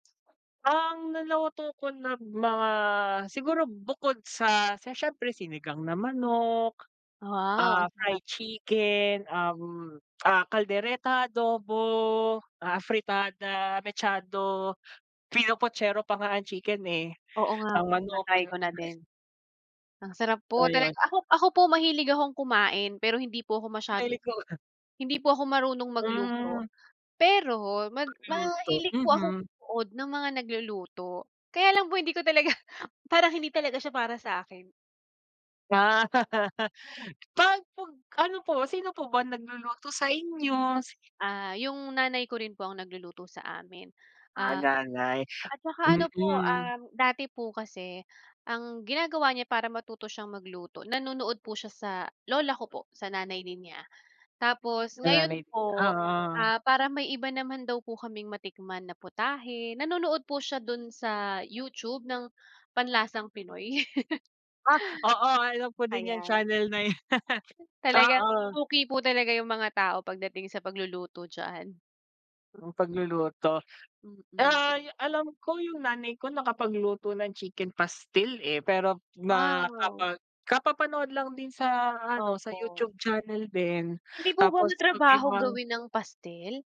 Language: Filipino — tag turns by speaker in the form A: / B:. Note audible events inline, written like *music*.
A: Ang naluto ko na mga siguro bukod sa sa siyempre sinigang na manok,
B: Wow! ang
A: ah,
B: sarap.
A: fried chicken, um, ah, caldereta, adobo, ah, afritada, mechado, pinopochero pa nga ang chicken, eh,
B: Oo nga
A: ang
B: po,
A: manok,
B: na-try
A: pino
B: ko na din.
A: *unintelligible*
B: Ang sarap
A: So,
B: po talaga.
A: 'yon.
B: Ako ako po, mahilig akong kumain pero hindi po ako masyado
A: Mahilig 'ko
B: hindi po ako marunong
A: Hmm.
B: magluto. Pero mag
A: Magluto,
B: mahilig po akong
A: Mhm.
B: manood ng mga nagluluto. Kaya lang po hindi ko talaga parang hindi talaga siya para sa'kin.
A: Ah. *laughs* 'Pag 'pag ano po, sino po ba nagluluto sa inyo?
B: Ah, yung nanay ko rin po ang nagluluto sa amin.
A: Ah,
B: Ah,
A: nanay,
B: at tsaka ano po
A: mm.
B: um, dati po kasi ang ginagawa niya para matuto siyang magluto, nanonood po siya sa lola ko po, sa nanay din niya. Tapos
A: Sa
B: ngayon
A: nanay,
B: po,
A: oo.
B: ah, para may iba naman daw po kaming matikman na putahe, nanonood po siya dun sa YouTube ng Panlasang Pinoy. *laughs*
A: Ah, oo, alam ko din yang
B: Ayan.
A: channel na yan. *laughs*
B: Talagang
A: Oo.
B: suki po talaga yung mga tao pagdating sa pagluluto diyan.
A: Ang pagluluto.
B: Mm.
A: Ay, alam ko yung nanay ko nakapagluto ng chicken pastil, eh, pero ma
B: Wow.
A: kapag kapapanood lang din sa ano, sa
B: Opo.
A: YouTube channel din.
B: Hindi po ba
A: Tapos pag may
B: matrabaho
A: mga
B: gawin ang pastil?